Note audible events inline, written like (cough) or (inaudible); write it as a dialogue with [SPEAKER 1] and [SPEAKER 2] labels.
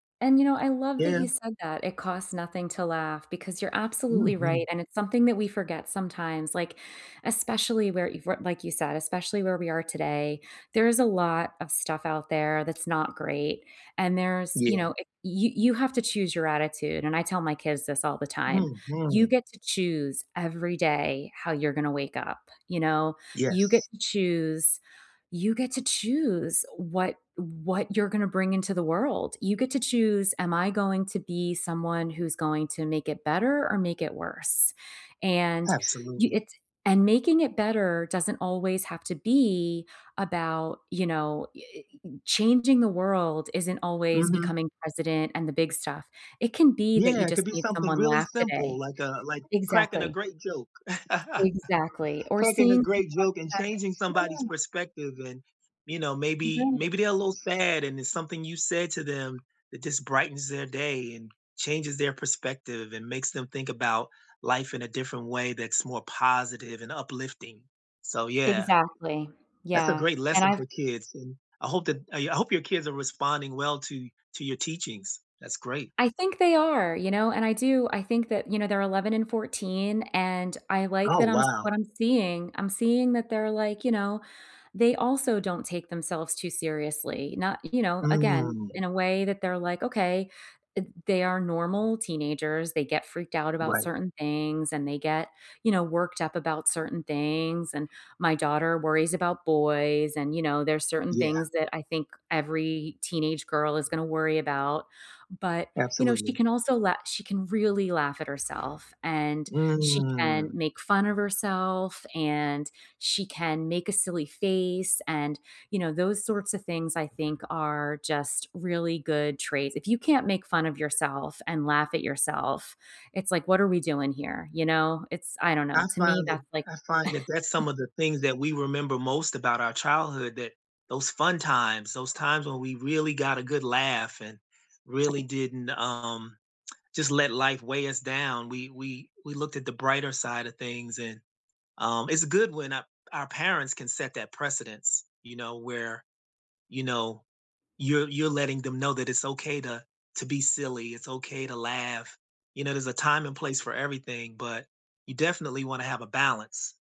[SPEAKER 1] And you know, I love that
[SPEAKER 2] Yeah.
[SPEAKER 1] you said that "It costs nothing to laugh," because you're absolutely right,
[SPEAKER 2] Mhm.
[SPEAKER 1] and it's something that we forget sometimes. Like, especially where, if your like you said, especially where we are today, there is a lot of stuff out there that's not great. And there's you know,
[SPEAKER 2] Yeah.
[SPEAKER 1] eh you you have to choose your attitude, and I tell my kids this all the time, "You
[SPEAKER 2] Mhm.
[SPEAKER 1] get to choose every day how you're gonna wake up, you know? You get
[SPEAKER 2] Yes.
[SPEAKER 1] to choose you get to choose what what you're going to bring into the world. You get to choose, 'Am I going to be someone who's going to make it better or make it worse?'" And you
[SPEAKER 2] Absolutely.
[SPEAKER 1] it and making it better doesn't always have to be about, you know eh ee changing the world isn't always
[SPEAKER 2] Mhm.
[SPEAKER 1] becoming president and the big stuff. It can be that you
[SPEAKER 2] Yeah, it could
[SPEAKER 1] just
[SPEAKER 2] be
[SPEAKER 1] made
[SPEAKER 2] something
[SPEAKER 1] someone
[SPEAKER 2] really
[SPEAKER 1] laugh
[SPEAKER 2] simple
[SPEAKER 1] today.
[SPEAKER 2] like, uh, like cracking a
[SPEAKER 1] Exactly.
[SPEAKER 2] great joke. (chuckles)
[SPEAKER 1] Exactly, or
[SPEAKER 2] Cracking
[SPEAKER 1] seeing
[SPEAKER 2] a
[SPEAKER 1] someone
[SPEAKER 2] great joke and
[SPEAKER 1] that
[SPEAKER 2] changing somebody's
[SPEAKER 1] Yeah.
[SPEAKER 2] perspective and you know, maybe
[SPEAKER 1] Right.
[SPEAKER 2] maybe they're a little sad and it's something you said to them that just brightens their day and changes their perspective and makes them think about life in a different way that's more positive and uplifting, so yeah.
[SPEAKER 1] Exactly,
[SPEAKER 2] That's a
[SPEAKER 1] yeah.
[SPEAKER 2] great
[SPEAKER 1] And
[SPEAKER 2] lesson
[SPEAKER 1] I've
[SPEAKER 2] for kids and I hope that I hope your kids are responding well to to your teachings, that great.
[SPEAKER 1] I think they are, you know, and I do, I think that you know, they're 11 and 14, and I like
[SPEAKER 2] Oh,
[SPEAKER 1] that I'm s
[SPEAKER 2] wow.
[SPEAKER 1] what I'm seeing. I'm seeing that they're like, you know, they also don't take themselves too seriously, not you know, again,
[SPEAKER 2] Mm.
[SPEAKER 1] in a way that they're like, "Okay." Th they are normal teenagers, they get freaked out about
[SPEAKER 2] Right.
[SPEAKER 1] certain things and they get, you know, worked up about certain things, and my daughter worries about boys and, you know, there's certain
[SPEAKER 2] Yeah.
[SPEAKER 1] things that I think every teenage girl is gonna worry about. But, you know, she
[SPEAKER 2] Absolutely.
[SPEAKER 1] can also la she can really laugh at herself and she can
[SPEAKER 2] Mm.
[SPEAKER 1] make fun of herself and she can make a silly face and you know those sorts of things I think are just really good traits if you can't make fun of yourself and laugh at yourself, it's like what are we doing here you know, it's I don't know
[SPEAKER 2] I
[SPEAKER 1] to me
[SPEAKER 2] find that
[SPEAKER 1] that's like
[SPEAKER 2] I find that that's some
[SPEAKER 1] (chuckles)
[SPEAKER 2] of the things that we remember most about our childhood that those fun times, those times when we really got a good laugh and really didn't, um, just let life weigh us down, we we we looked at the brighter side of things and, um it's good when a our parents can set that precedence, you know, where, you know, you're you're letting them know that it's okay to to be silly, it's okay to laugh. You know, there's a time and place for everything, but you definitely wanna have a balance.